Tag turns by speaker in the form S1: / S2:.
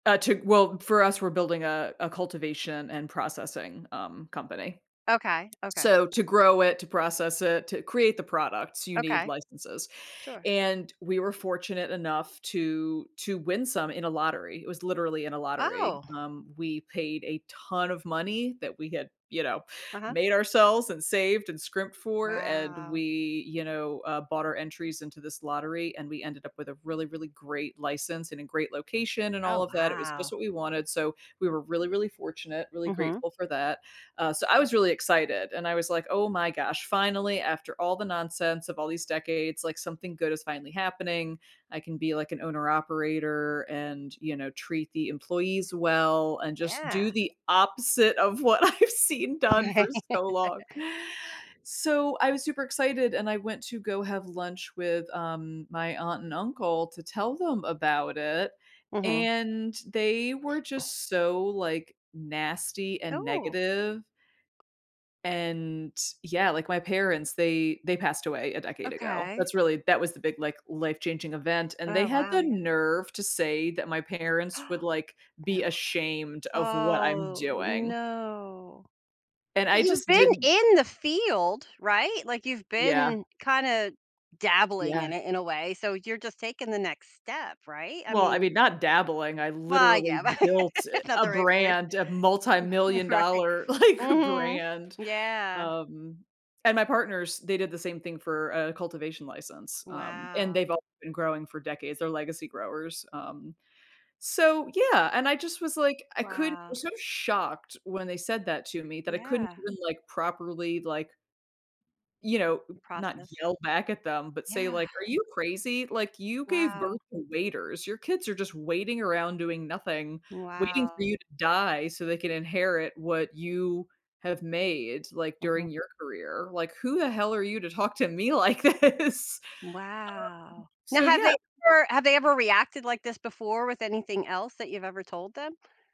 S1: Uh, to well, for us, we're building a a cultivation and processing, um, company.
S2: Okay, okay.
S1: So, to grow it, to process it, to create the products, you need
S2: Okay.
S1: licenses,
S2: Sure.
S1: and we were fortunate enough to to win some in a lottery, it was literally in a lottery,
S2: Oh.
S1: um, we paid a ton of money that we had, you know,
S2: Uh-huh.
S1: made ourselves and saved and scrimped for, and
S2: Wow.
S1: we, you know, uh, bought our entries into this lottery and we ended up with a really, really great license and a great location and all
S2: Oh,
S1: of that, it was
S2: wow.
S1: just what we wanted, so we were really, really fortunate; really
S2: Mhm.
S1: grateful for that. Uh, so I was really excited and I was like, "Oh my gosh, finally, after all the nonsense of all these decades, like, something good is finally happening, I can be, like, an owner operator and, you know, treat the employees well and just
S2: Yeah.
S1: do the opposite of what I've seen done for
S2: Right.
S1: so long. So, I was super excited and I went to go have lunch with, um, my aunt and uncle to tell them about it,
S2: Mhm.
S1: and they were just so, like, nasty and
S2: No.
S1: negative and, yeah, like, my parents, they they passed away a decade ago,
S2: Okay.
S1: that's really that was the big, like, life changing event, and they
S2: Oh,
S1: had
S2: wow,
S1: the
S2: yeah.
S1: nerve to say that my parents would, like,
S2: No.
S1: be ashamed of what I'm
S2: Oh,
S1: doing.
S2: no.
S1: And I
S2: You've
S1: just
S2: been
S1: didn't
S2: in the field, right? Like, you've
S1: Yeah.
S2: been kinda dabbling
S1: Yeah.
S2: in it in a way, so you're just taking the next step, right? I
S1: Well, I
S2: mean
S1: mean, not dabbling, I
S2: Well,
S1: literally
S2: yeah,
S1: built
S2: not
S1: a
S2: the right word.
S1: brand, a multimillion
S2: Right.
S1: dollar, like,
S2: Mhm,
S1: brand,
S2: yeah.
S1: um, and my partners, they did the same thing for a cultivation license, um, and
S2: Wow.
S1: they've all been growing for decades, they're legacy growers, um so yeah, and I just was, like I couldn't
S2: Wow.
S1: was so shocked when they said that to me that I couldn't
S2: Yeah.
S1: even, like, properly, like you know, not
S2: Process.
S1: yell back at them but say,
S2: Yeah.
S1: like, "Are you crazy? Like, you gave birth
S2: Wow.
S1: to waiters, your kids are just waiting around doing nothing, waiting for
S2: Wow.
S1: you to die so they can inherit what you have made, like,
S2: Mhm.
S1: during your career. Like, who the hell are you to talk to me like this?" Um,
S2: Wow. Now
S1: so
S2: have they
S1: yeah.
S2: ever have they ever reacted like this before with anything else that you've ever told them?